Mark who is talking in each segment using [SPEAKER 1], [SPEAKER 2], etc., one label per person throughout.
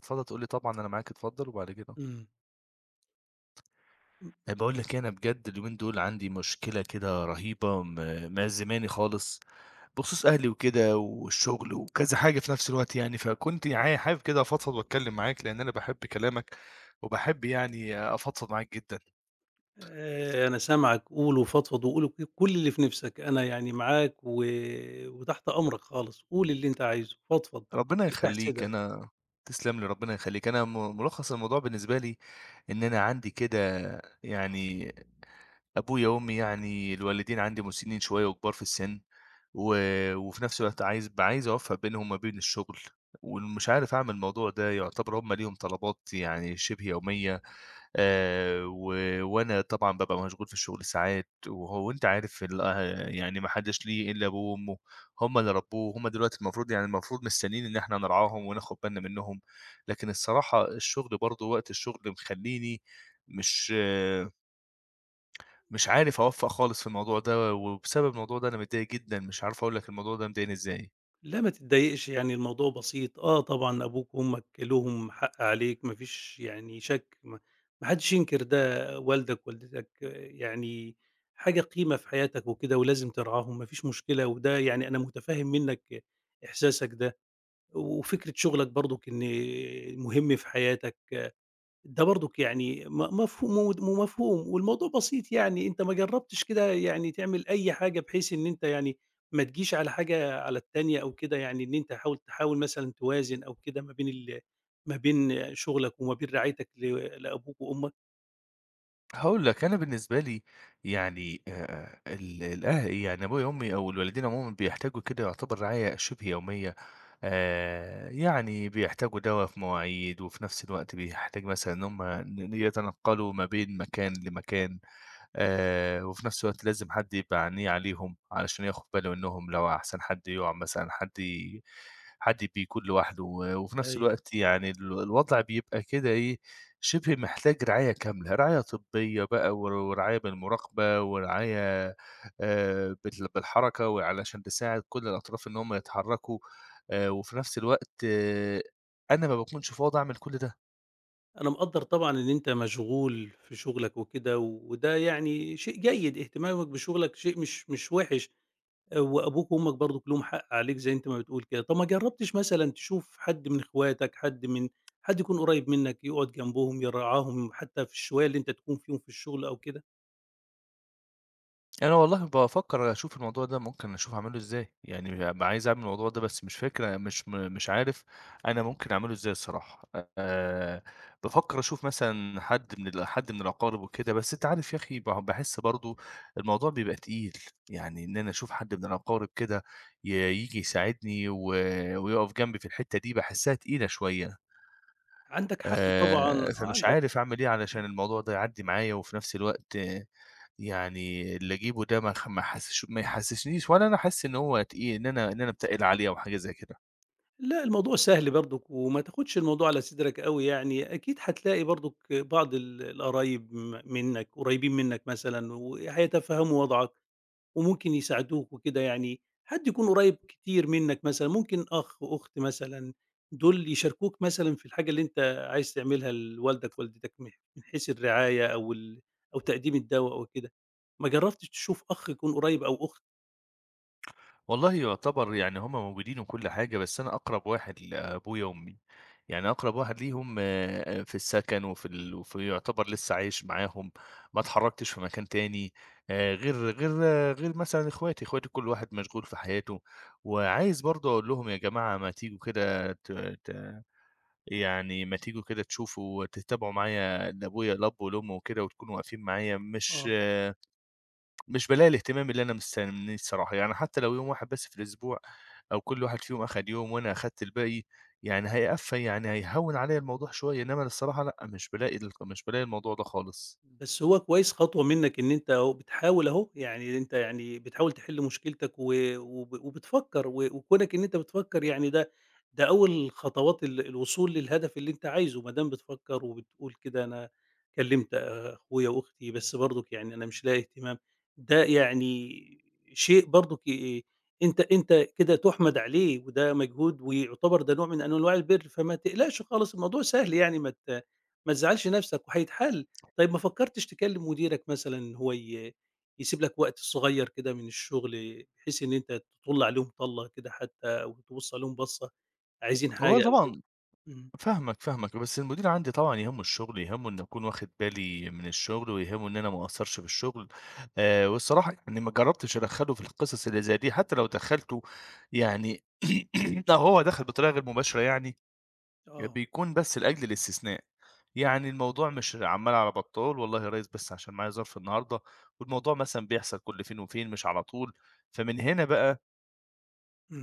[SPEAKER 1] اتفضل تقول لي طبعًا أنا معاك اتفضل وبعد كده
[SPEAKER 2] إمم. إم
[SPEAKER 1] باقول لك أنا بجد اليومين دول عندي مشكلة كده رهيبة م مأ زماني خالص بخصوص أهلي وكده والشغل وكذا حاجة في نفس الوقت يعني، فكنت عا حابب كده أفضفض وأتكلم معاك لأن أنا باحب كلامك، وباحب يعني آآ أفضفض معاك جدًا.
[SPEAKER 2] آآ أنا سامعك قول وفضفض وقول و كل اللي في نفسك أنا يعني معاك و وتحت أمرك خالص، قول اللي أنت عايزه فضفض
[SPEAKER 1] ربنا
[SPEAKER 2] افتح
[SPEAKER 1] يخلّيك
[SPEAKER 2] صدرك.
[SPEAKER 1] أنا تسلم لي، ربنا يخلّيك أنا م ملخص الموضوع بالنسبة لي إن أنا عندي كده يعني أبويا وأمي يعني الوالدين عندي مسنين شوية وكبار في السن، و وفي نفس الوقت عايز ب عايز أوفّق بينهم ما بين الشغل ومش عارف أعمل الموضوع ده، يعتبر هُم ليهم طلبات يعني شبه يومية آآ، و وأنا طبعًا بابقى مشغول في الشغل ساعات وهو أنت عارف ال آآ يعني ما حدش ليه إلا أبوه وأمه، هُم اللي ربوه، هُم دلوقتي المفروض يعني المفروض مستنيين إن إحنا نرعاهم وناخد بالنا منهم لكن الصراحة الشغل برضه وقت الشغل مخلّيني مش آآ مش عارف أوفق خالص في الموضوع ده، وبسبب الموضوع ده أنا متضايق جدًا، مش عارف أقول لك الموضوع ده مضايقني إزاي.
[SPEAKER 2] لأ ما تتضايقش، يعني الموضوع بسيط. آه طبعًا، أبوك وأمك لهم حق عليك ما فيش يعني شَك م ما حدّش ينكر ده، والدك ووالدتك يعني حاجة قيمة في حياتك وكده ولازم ترعاهم ما فيش مشكلة وده يعني أنا مُتفهِّم منّك إحساسك ده. و وفكرة شُغلك برضُك إن المهم في حياتك ده برضُك يعني م مفهو مود ومفهوم والموضوع بسيط يعني أنت ما جرّبتش كده يعني تعمل أي حاجة بحيث إن أنت يعني ما تجيش على حاجة على التانية أو كده يعني إن أنت حاول تحاول مثلًا توازِن أو كده ما بين ال ما بين شُغلك وما بين رعايتك ل لأبوك وأمك؟
[SPEAKER 1] هاقول لك، أنا بالنسبة لي يعني آآ آآ ال الأه يعني أبويا وأمي أو الوالدين عمومًا بيحتاجوا كده يعتبر رعاية شِبه يوميّة. آآ يعني بيحتاجوا دَوا في مواعيد وفي نَفْس الوقت بيحتاج مثلًا إن هم ن ن يتنقَّلوا ما بين مكان لمكان آآ وفي نَفْس الوقت لازم حد يبقى عينيه عليهم علشان ياخُد باله إنّهم لو أحسن حد يُقع مثلًا حد ي حد بيكون لوحده و وفي نَفْس
[SPEAKER 2] أيوه.
[SPEAKER 1] الوقت يعني ال الوضع بيبقى كده إيه، شِبه محتاج رعاية كاملة، رعاية طبّية بقى ور ورعاية بالمُراقبة ورعاية آآ بتل بالحركة وعلشان تساعد كل الأطراف إن هم يتحرّكوا آآ وفي نَفْس الوقت أنا ما باكونش فاضي أعمل كل ده.
[SPEAKER 2] أنا مقدرّ طبعًا إن أنت مشغول في شغلك وكده، وده يعني شيء جيد اهتمامك بشغلك شيء مش مش وحش، آآ وأبوك وأمك برضك لهم حق عليك زي أنت ما بتقول كده، طب ما جربتش مثلًا تشوف حد من إخواتك، حد من حد يكون قريب منك يقعد جنبهم يرعاهم، حتى في الشوية اللي أنت تكون فيهم في الشغل أو كده؟
[SPEAKER 1] أنا والله بافكر أشوف الموضوع ده ممكن أشوف أعمله إزاي، يعني ب عايز أعمل الموضوع ده بس مش فاكر مش م مش عارف أنا ممكن أعمله إزاي الصراحة، آآ بافكر أشوف مثلًا حد من ال حد من الأقارب وكده بس أنت عارف يا أخي ب باحس برضو الموضوع بيبقى تقيل يعني إن أنا أشوف حد من الأقارب كده ييجي يساعدني و ويقف جنبي في الحتة دي باحسها تقيلة شوية.
[SPEAKER 2] عندك حق طبعًا
[SPEAKER 1] آآ
[SPEAKER 2] آه،
[SPEAKER 1] فمش
[SPEAKER 2] عندك
[SPEAKER 1] عارف أعمل إيه
[SPEAKER 2] امم.
[SPEAKER 1] علشان الموضوع ده يعدي معايا وفي نفس الوقت آآ يعني اللي أجيبه ده ما ما أحسس ما يحسسنيش ولا أنا أحس إن هو تقيل إن أنا إن أنا باتقِّل عليه أو حاجة زي كده.
[SPEAKER 2] لا الموضوع سهل برضك وما تاخدش الموضوع على صدرك أوي يعني، أكيد هتلاقي برضك بعض ال القرايب م منك قريبين منك مثلًا وهيتفهموا وضعك وممكن يساعدوك وكده، يعني حد يكون قريب كتير منك مثلًا ممكن أخ، أخت مثلًا دول يشاركوك مثلًا في الحاجة اللي أنت عايز تعملها لوالدك ووالدتك م من حيث الرعاية أو ال أو تقديم الدواء أو كده، ما جربتش تشوف أخ يكون قريب أو أخت؟
[SPEAKER 1] والله يعتبر يعني هم موجودين وكل حاجة، بس أنا أقرَب واحد لأبويا وأمي، يعني أقرَب واحد ليهم آآ في السَكَن وفي ال وفي يعتبر لسّه عايش معاهم ما اتحرّكتش في مكان تاني آآ غير غير غير مثلًا إخواتي، إخواتي كل واحد مشغول في حياته. وعايز برضه أقول لهم يا جماعة ما تيجوا كده ت ت يعني ما تيجوا كده تشوفوا وتتابعوا معايا إن أبويا الأب والأم وكده وتكونوا واقفين معايا مش
[SPEAKER 2] آه.
[SPEAKER 1] مش بالاقي الاهتمام اللي أنا مستنّيه الصراحة، يعني حتّى لو يوم واحد بس في الأسبوع أو كل واحد فيهم أخَد يوم وأنا أخدت الباقي، يعني هيقف يعني هيهوِّن عليّا الموضوع شوية، إنّما الصراحة لأ، مش بالاقي ال مش بالاقي الموضوع ده خالص.
[SPEAKER 2] بس هو كويس خطوة منّك إن أنت أهو بتحاول أهو، يعني أنت يعني بتحاول تحِل مشكلتك و وب وبتفكّر و وكُونك إن أنت بتفكّر يعني ده ده أول خطوات ال الوصول للهدف اللي أنت عايزه، ما دام بتفكّر وبتقول كده أنا كلِّمت أخويا وأختي، بس برضُك يعني أنا مش لاقي اهتمام، ده يعني شيء برضُك ي آآ أنت أنت كده تُحمَد عليه وده مجهود ويعتبر ده نوع من أنواع البِر، فما تقلقش خالص الموضوع سهل يعني ما ت ما تزعَّلش نَفْسك وهيتحل. طيب ما فكّرتش تكلِّم مديرك مثلًا إن هو ي يسيب لك وقت صغير كده من الشُغل بحيث إن أنت تطُل عليهم طَلّة كده حتّى أو تبُص عليهم بَصّة، عايزين
[SPEAKER 1] آه
[SPEAKER 2] حاجة أو كده؟
[SPEAKER 1] طبعًا،
[SPEAKER 2] إمم.
[SPEAKER 1] فاهمك، فاهمك. بس المدير عندي طبعًا يهمّه الشُغل، يهمه إن أكون واخِد بالي من الشُغل ويهمّه إن أنا ما أقصّرش في الشُغل آآ والصراحة يعني ما جرّبتش أدخّله في القصص اللي زي دي حتّى لو دخّلته، يعني لو هو دَخَل بطريقة غير مباشرة يعني، آآ
[SPEAKER 2] آه.
[SPEAKER 1] بيكون بس لأجل الاستثناء. يعني الموضوع مش عَمّال على بَطّال، "والله يا ريّس بس عشان معايا ظرف النهاردة والموضوع مثلًا بيحصل كل فين وفين مش على طول." فمن هنا بقى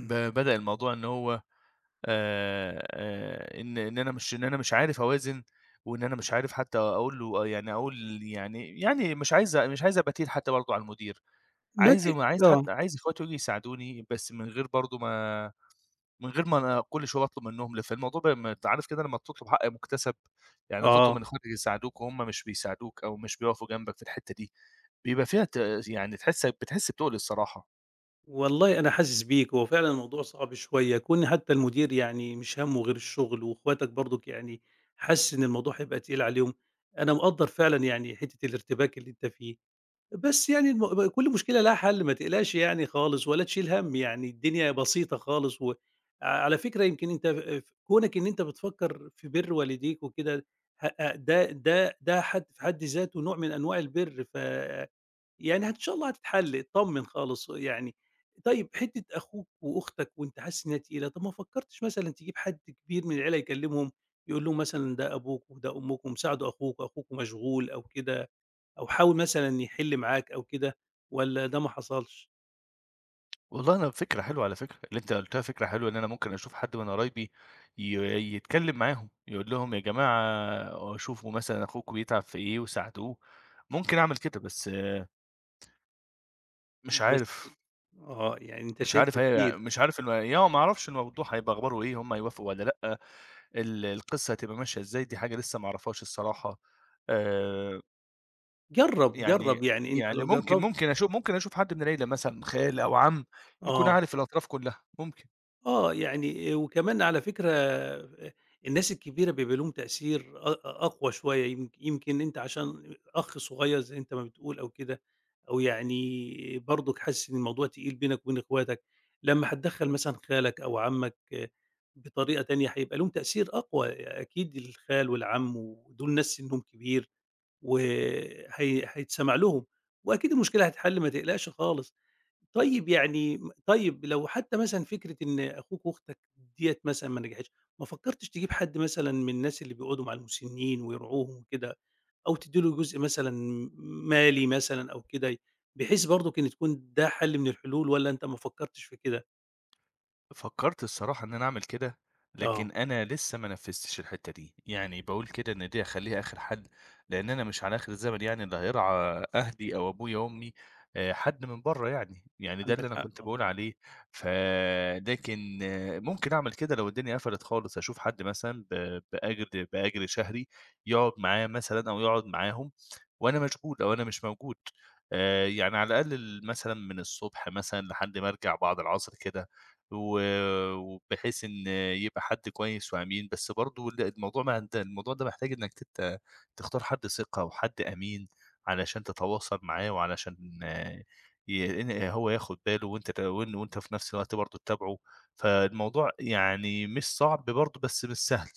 [SPEAKER 1] ب بدأ الموضوع إن هو آآ آآ إن إن أنا مش إن أنا مش عارف أوازن وإن أنا مش عارف حتّى أقول له آآ يعني أقول يعني يعني مش عايز مش عايز أبقى تقيل حتّى برضه على المدير،
[SPEAKER 2] ما
[SPEAKER 1] عايز
[SPEAKER 2] تق
[SPEAKER 1] عايز
[SPEAKER 2] آه.
[SPEAKER 1] حتى عايز إخواتي ييجوا يساعدوني بس من غير برضه ما من غير ما أنا كل شوية أطلُب منهم، ل فالموضوع ب ما أنت عارف كده لمّا تطلُب حق مُكَتسَب، يعني تطلُب من
[SPEAKER 2] آه.
[SPEAKER 1] إخواتك يساعدوك وهُم مش بيساعدوك أو مش بيقفوا جنبك في الحتّة دي، بيبقى فيها ت يعني تحس بتحس بتُقْل الصراحة.
[SPEAKER 2] والله أنا حاسس بيك، هو فعلًا الموضوع صعب شوية، كون حتّى المدير يعني مش همُّه غير الشُغل وإخواتك برضُك يعني حاسس إن الموضوع هيبقى تقيل عليهم، أنا مقدّر فعلًا يعني حتّة الارتباك اللي أنت فيه. بس يعني الم ب كل مشكلة ليها حَل ما تقلقش يعني خالص ولا تشيل هَم يعني الدنيا بسيطة خالص وع على فكرة يمكن أنت آآ في كُونك إن أنت بتفكّر في بِر والديك وكده هأ ده ده ده حد في حد ذاته نوع من أنواع البِر، ف يعني إن شاء الله هتتحل اتطمّن خالص يعني. طيّب حتّة أخوك وأختك وأنت حاسس إن هي تقيلة، طَب ما فكّرتش مثلًا تجيب حد كبير من العيلة يكلِّمهم يقول لهم مثلًا ده أبوك وده أمكم، ساعدوا أخوكم، أخوكم مشغول أو كده أو حاول مثلًا يحِل معاك أو كده والّا ده ما حصلش؟
[SPEAKER 1] والله أنا فكرة حلوة على فكرة، اللي أنت قُلّتها
[SPEAKER 2] إمم.
[SPEAKER 1] فكرة حلوة إن أنا ممكن أشوف حد من قرايبي ي يتكلّم معاهم، يقول لهم يا جماعة شوفوا مثلًا أخوكم بيتعب في إيه وساعدوه، ممكن أعمل كده، بس مش
[SPEAKER 2] بس
[SPEAKER 1] عارف
[SPEAKER 2] آآ آه، يعني أنت
[SPEAKER 1] مش عارف
[SPEAKER 2] شايفها
[SPEAKER 1] هي
[SPEAKER 2] تقيلة.
[SPEAKER 1] مش عارف إن يعني ما أعرفش الموضوع هيبقى أخباره إيه، هم هيوافقوا والّا لأ، ال القِصّة هتبقى ماشية إزاي، دي حاجة لسّه ما أعرفهاش الصراحة. آآ
[SPEAKER 2] جرب،
[SPEAKER 1] يعني
[SPEAKER 2] جرب يعني أنت
[SPEAKER 1] يعني
[SPEAKER 2] لو
[SPEAKER 1] ممكن
[SPEAKER 2] جربت
[SPEAKER 1] ممكن أشو ممكن أشوف حد من العيلة مثلًا خال أو عم، يكون
[SPEAKER 2] آه.
[SPEAKER 1] عارف الأطراف كلَّها، ممكن.
[SPEAKER 2] آه يعني آآ وكمان على فكرة آآ الناس الكبيرة بيبقى ليهم تأثير أق أقوى شوية يم يمكن أنت عشان أخ صغير زي أنت ما بتقول أو كده أو يعني برضك حاسس إن الموضوع تقيل بينك وبين إخواتك، لما هتدخّل مثلًا خالك أو عمك بطريقة تانية هيبقى ليهم تأثير أقوى، آآ أكيد الخال والعم ودول ناس سنهم كبير وهي هيتسمع لهم وأكيد المشكلة هتتحل ما تقلقش خالص. طيب يعني طيب لو حتى مثلًا فكرة إن أخوك وأختك ديّة مثلًا ما نجحتش ما فكرتش تجيب حد مثلًا من الناس اللي بيقعدوا مع المسنين ويرعوهم وكده، أو تدي له جزء مثلًا م مالي مثلًا أو كده، بحيث برضك كان تكون ده حل من الحلول، والّا أنت ما فكرتش في كده؟
[SPEAKER 1] فكرت الصراحة إن أنا أعمل كده،
[SPEAKER 2] آه.
[SPEAKER 1] لكن أنا لسه ما نفذتش الحتة دي يعني باقول كده إن دي أخليها آخر حل لأن أنا مش على آخر الزمن يعني اللي هيرعى آآ أهلي أو أبويا أمي آآ حد من برّا يعني، يعني ده اللي
[SPEAKER 2] عندك
[SPEAKER 1] أنا
[SPEAKER 2] حق
[SPEAKER 1] كنت باقول
[SPEAKER 2] طبعًا.
[SPEAKER 1] عليه فده كان ممكن أعمل كده لو الدنيا قفلت خالص أشوف حد مثلًا ب بأجر بأجر شهري يقعد معاه مثلًا أو يقعد معاهم وأنا مشغول أو أنا مش موجود، آآ يعني على الأقل ال مثلًا من الصبح مثلًا لحد ما أرجع بعد العصر كده، و وبحيث إن يبقى حد كويس وأمين بس برضه ال الموضوع ما ده الموضوع ده محتاج إنك ت ت تختار حد ثقة وحد أمين، علشان تتواصل معاه وعلشان آآ ي إن هو ياخد باله وأنت ت وأنت في نفس الوقت برضه تتابعه، فالموضوع يعني مش صعب برضه، بس مش سهل.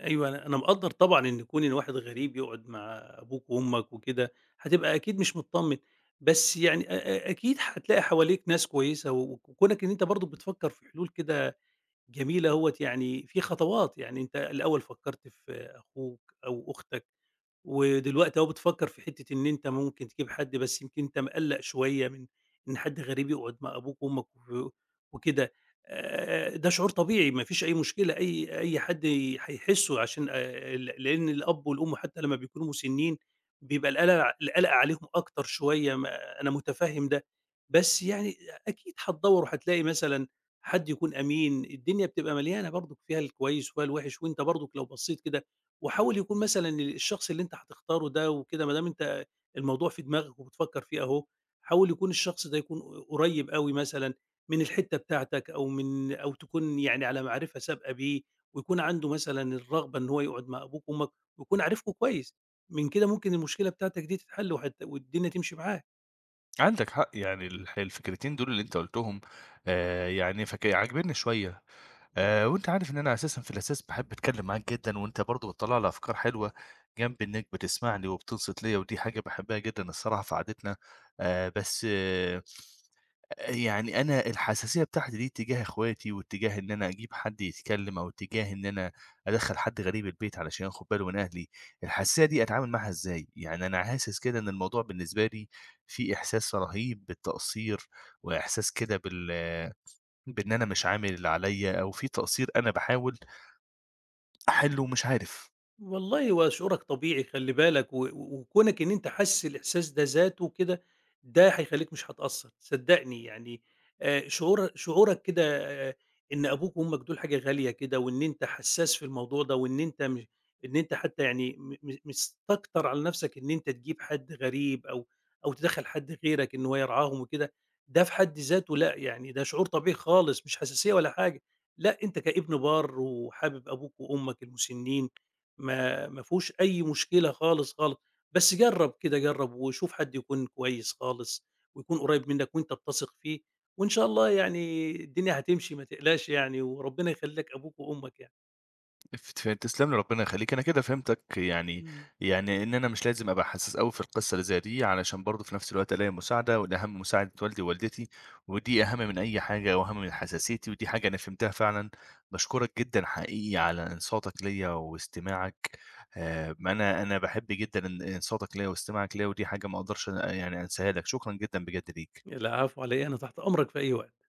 [SPEAKER 2] أيوه، أنا أنا مقدّر طبعًا إن كُون إن واحد غريب يقعُد مع أبوك وأمك وكده، هتبقى أكيد مش متطمّن، بس يعني آآ آآ أكيد هتلاقي حواليك ناس كويسة و وكُونك إن أنت برضه بتفكّر في حلول كده جميلة أهوّة يعني في خطوات، يعني أنت الأول فكّرت في أخوك أو أختك ودلوقتي أهو بتفكّر في حتّة إن أنت ممكن تجيب حد بس يمكن أنت مقلَّق شوية من إن حد غريب يقعُد مع أبوك وأمك و وكده، آآ ده شعور طبيعي ما فيش أي مشكلة، أي أي حد هيحسّه عشان آآ ل لإن الأب والأم حتّى لمّا بيكونوا مُسنّين بيبقى القَلَق القَلَق عليهم أكتر شوية ما أنا مُتفهِّم ده. بس يعني أكيد هتدوَّر وهتلاقي مثلًا حد يكون أمين، الدنيا بتبقى مليانة برضُك فيها الكويس وفيها الوِحِش وأنت برضُك لو بصّيت كده وحاول يكون مثلًا الشخص اللي أنت هتختاره ده وكده ما دام أنت الموضوع في دماغك وبتفكّر فيه أهو، حاول يكون الشخص ده يكون ق قريّب أوي مثلًا من الحتّة بتاعتك أو من أو تكون يعني على معرِفة سابقة بيه ويكون عنده مثلًا الرغبة إن هو يقعُد مع أبوك وأمك ويكون عارفكم كويس، من كده ممكن المشكلة بتاعتك دي تتحَل وهت والدنيا تمشي معاه.
[SPEAKER 1] عندك حق، يعني الح الفكرتين دول اللي أنت قُلتهم آآ، يعني فك عاجبيني شوية
[SPEAKER 2] إمم.
[SPEAKER 1] آآ، وأنت عارف إن أنا أساسًا في الأساس باحب أتكلم معاك جدًا، وأنت برضو بتطلّع لي أفكار حلوة جنب إنك بتسمعني وبتنصت ليّا، ودي حاجة باحبها جدًا الصراحة في قعدتنا آآ، بس آآ، يعني أنا الحساسية بتاعتي دي اتجاه إخواتي واتجاه إن أنا أجيب حد يتكلم أو اتجاه إن أنا أدخّل حد غريب البيت علشان ياخد باله من أهلي، الحساسية دي أتعامل معاها إزاي؟ يعني أنا حاسس كده إن الموضوع بالنسبة لي فيه إحساس رهيب بالتقصير، وإحساس كده بال بإن أنا مش عامل اللي عليَّ، أو فيه تقصير أنا باحاول أحلّه ومش عارف.
[SPEAKER 2] والله، هو شعورك طبيعي خلّي بالك، و وكونك إن أنت حاسس الإحساس ده ذاته كده ده هيخلّيك مش هتقصّر صدّقني يعني آآ، شعور شعورك كده آآ، إن أبوك وأمك دول حاجة غالية كده، وإن أنت حسّاس في الموضوع ده، وإن أنت م إن أنت حتى يعني م م مستكتر على نَفسك إن أنت تجيب حد غريب أو أو تدخّل حد غيرك إن هو يرعاهم وكده، ده في حد ذاته لأ، يعني ده شعور طبيعي خالص، مش حساسية ولا حاجة لأ، أنت كإبن بار وحابب أبوك وأمك المُسنين، ما ما فيهوش أي مشكلة خالص، خالص، بس جرب كده، جرب وشوف حد يكون كويس خالص ويكون قريّب منك وأنت بتثق فيه، وإن شاء الله يعني الدنيا هتمشي ما تقلقش يعني، وربنا يخلّي لك أبوك وأمك يعني.
[SPEAKER 1] افت تسلَم لي، ربنا يخلّيك. أنا كده فهمتك يعني
[SPEAKER 2] إمم.
[SPEAKER 1] يعني إن أنا مش لازم أبقى حسّاس أوي في القصة اللي زي دي علشان برضو في نَفْس الوقت ألاقي مساعدة، والأهم مساعدة والدي ووالدتي، ودي أهم من أي حاجة وأهم من حساسيتي، ودي حاجة أنا فهمتها فعلًا. باشكرك جدًا حقيقي على إنصاتك ليّا واستماعك آآ، ما أنا أنا باحب جدًا إن إنصاتك ليّا واستماعك ليّا، ودي حاجة ما أقدرش أن يعني أنساها لك، شكرًا جدًا بجد ليك.
[SPEAKER 2] العفو على إيه، أنا تحت أمرك في أي وقت.